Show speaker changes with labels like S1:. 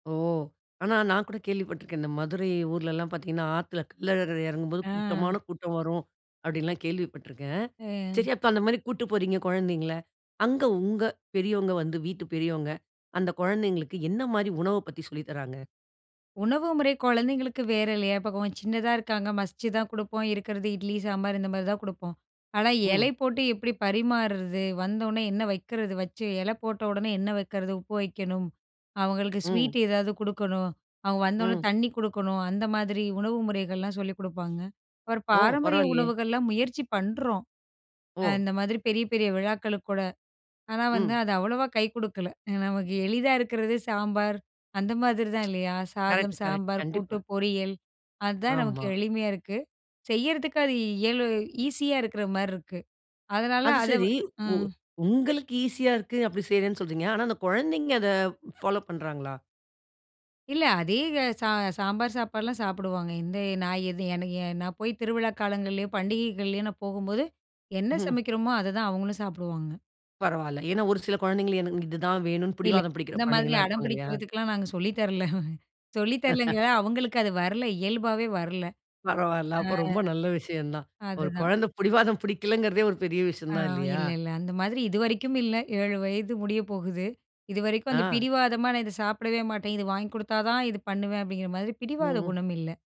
S1: "ஓ! ஆனா நான் கூட கேள்விப்பட்டுருக்கேன். இந்த மதுரை ஊர்லலாம் பார்த்திங்கன்னா, ஆத்துல கள்ளழகர் எறங்கும்போது
S2: ஆ.
S1: கூட்டமான கூட்டம் வரும்" அப்டின்லாம் கேள்விப்பட்டுருக்கேன்.
S2: ஆ.
S1: சரி அப்ப அந்த மாரி கூட்டு போறீங்க கொழந்தைங்கள, அங்க உங்க பெரியவங்க வந்து வீட்டு பெரியவங்க, அந்த கொழந்தைங்களுக்கு என்ன மாரி உணவ பத்தி சொல்லித் தர்றாங்க?
S2: உணவு முறை கொழந்தைங்களுக்கு வேற இல்லயா? இப்ப கொஞ் சின்னதா இருக்காங்க மசிச்சுதான் குடுப்போம். இருக்கிறது இட்லி சாம்பார் இந்த மாதிரி தான் குடுப்போம். ஆனா, எலை
S1: ம்.
S2: போட்டு எப்படி பரிமார்றது? வந்தவொன்னே என்ன வைக்கிறது? வச்சு இலை போட்டவொடனே என்ன வைக்கிறது? உப்பு வைக்கணும். அவங்களுக்கு
S1: ம்.
S2: ஸ்வீட் ஏதாவது குடுக்கணும். அவங்க வந்த உடனே
S1: ம்.
S2: தண்ணி குடுக்கணும். அந்த மாதிரி உணவு முறைகள்லாம் சொல்லிக் குடுப்பாங்க. ஒரு
S1: ஓ!
S2: பாரம்பரிய
S1: பரவாயில்லையே.
S2: உணவுகள்லாம் முயற்சி பண்றோம். அ
S1: ஓ!
S2: இந்த மாதிரி பெரிய பெரிய விழாக்களுக்கூட. ஆனா, வந்து
S1: ம்.
S2: அது அவ்வளோவா கை குடுக்கல.ஏனா நமக்கு எளிதா இருக்கிறதே சாம்பார் அந்த மாதிரிதான் இல்லையா? சாதம்,
S1: கரெக்ட், கரெக்ட்.
S2: சாம்பார், கூட்டு,
S1: கண்டிப்பா.
S2: பொரியல் அதான் நமக்கு
S1: ஆமா.
S2: எளிமையா இருக்கு. செய்யறதுக்கு அது இயலு ஈஸியா இருக்கிற மாரி இருக்கு. அதனால
S1: அது,
S2: அத
S1: சரி உ
S2: ம்.
S1: உங்களுக்கு ஈசியா இருக்கு அப்படி செய்றேன்னு சொல்றீங்க. ஆனா அந்த கொழந்தைங்க அத பாலோ பண்றாங்களா?
S2: இல்ல அதே க ச ச சாம்பார் சாப்பாடுலாம் சாப்பிடுவாங்க. இந்த நான் இது எனக் நா போய் திருவிழா காலங்கள்லேயோ, பண்டிகைகள்லேயோ நான் போகும்போது என்ன
S1: ம்.
S2: சமைக்கிறோமோ, அதுதான் அவங்களும் சாப்பிடுவாங்க.
S1: பரவால்லை, ஏனா ஒரு சில கொழந்தைங்க எனக்கு "இதுதான் வேணும்ன்னு"
S2: இல்ல
S1: புடிவாதம் பிடிக்கிற
S2: இந்த மாதிரி
S1: குழந்தைங்கலா
S2: அடம்
S1: இருப்பாங்க இல்லையா?
S2: பிடிக்கிறதுக்குலாம் நாங்க சொல்லி தரல. சொல்லி தரலங்க ,அவங்களுக்கு அது வரல இயல்பாவே வரல.
S1: பரவால்ல,
S2: ஆ,
S1: அப்போ ரொம்ப நல்ல விஷயம் தான். ஒரு
S2: அதுதான்.
S1: கொழந்த பிடிவாதம் பிடிக்கலங்கிறதே ஒரு பெரிய விஷயம்
S2: ஆ,
S1: தான் இல்லையா?
S2: இல்ல, இல்ல. அந்த மாதிரி இதுவரைக்கும் இல்ல 7 வயது முடிய போகுது. இதுவரைக்கும் அந்த
S1: ஆ.
S2: பிடிவாதமா நான் "இத சாப்பிடவே மாட்டேன். இது வாங்கி குடுத்தா தான் இது பண்ணுவேன்" அப்படிங்கிற மாதிரி
S1: ம்
S2: பிடிவாத
S1: ம்.
S2: குணம் இல்ல.